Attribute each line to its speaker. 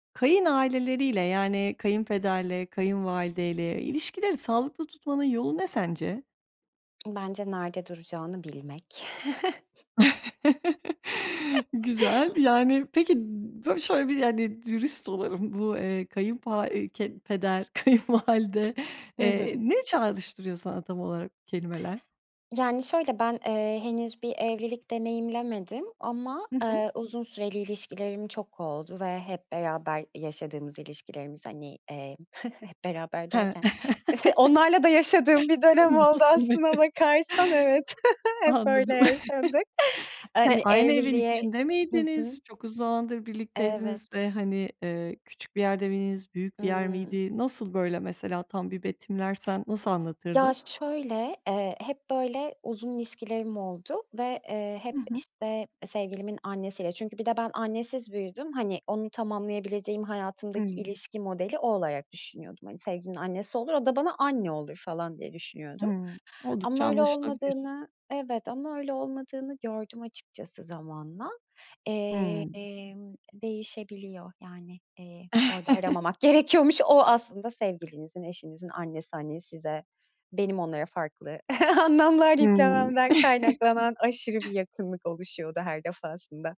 Speaker 1: Kayın aileleriyle, yani kayınpederle, kayınvalideyle ilişkileri sağlıklı tutmanın yolu ne sence?
Speaker 2: Bence nerede duracağını bilmek.
Speaker 1: Güzel, yani peki bö şöyle bir, yani, dürüst olalım bu, eee, kayın pa eee, ke peder, kayınvalide,
Speaker 2: I
Speaker 1: eee,
Speaker 2: hı.
Speaker 1: ne çağrıştırıyor sana tam olarak bu kelimeler?
Speaker 2: Yani şöyle, ben, eee, henüz bir evlilik deneyimlemedim ama,
Speaker 1: Hı hı.
Speaker 2: aaa, uzun süreli ilişkilerim çok oldu ve hep beraber yaşadığımız ilişkilerimiz, hani, eee, hep beraber
Speaker 1: He.
Speaker 2: derken, onlarla da yaşadığım bir dönem
Speaker 1: Hem de
Speaker 2: oldu
Speaker 1: nasıl
Speaker 2: aslına
Speaker 1: [unintelligible]
Speaker 2: bakarsan evet, hep öyle
Speaker 1: Anladım.
Speaker 2: yaşandı. Eee,
Speaker 1: He,
Speaker 2: hani
Speaker 1: aynı evin
Speaker 2: evliliğe
Speaker 1: içinde
Speaker 2: hı
Speaker 1: miydiniz?
Speaker 2: hı.
Speaker 1: Çok uzun zamandır birlikteydiniz ve
Speaker 2: Evet.
Speaker 1: hani, eee, küçük bir yerde miydiniz? Büyük bir yer
Speaker 2: Hımm.
Speaker 1: miydi? Nasıl böyle, mesela, tam bir betimlersen nasıl
Speaker 2: Ya,
Speaker 1: anlatırdın?
Speaker 2: şöyle, eee, hep böyle uzun ilişkilerim oldu ve, eee, hep,
Speaker 1: Hı hı.
Speaker 2: işte, sevgilimin annesiyle çünkü bir de ben, annesiz büyüdüm, hani, onu tamamlayabileceğim, hayatımdaki
Speaker 1: Hımm.
Speaker 2: ilişki modeli, o olarak düşünüyordum. Hani, sevgilinin annesi olur, o da bana anne olur falan diye düşünüyordum
Speaker 1: Hımm. Oldukça
Speaker 2: ama öyle
Speaker 1: anlaşılabilir.
Speaker 2: olmadığını Evet ama öyle olmadığını gördüm açıkçası zamanla.
Speaker 1: Hımm.
Speaker 2: Emm, değişebiliyor yani, eee, orada aramamak gerekiyormuş. O aslında sevgilinizin, eşinizin annesi hani size, benim onlara farklı anlamlar
Speaker 1: Hımm.
Speaker 2: yüklememden kaynaklanan aşırı bir yakınlık oluşuyordu her defasında.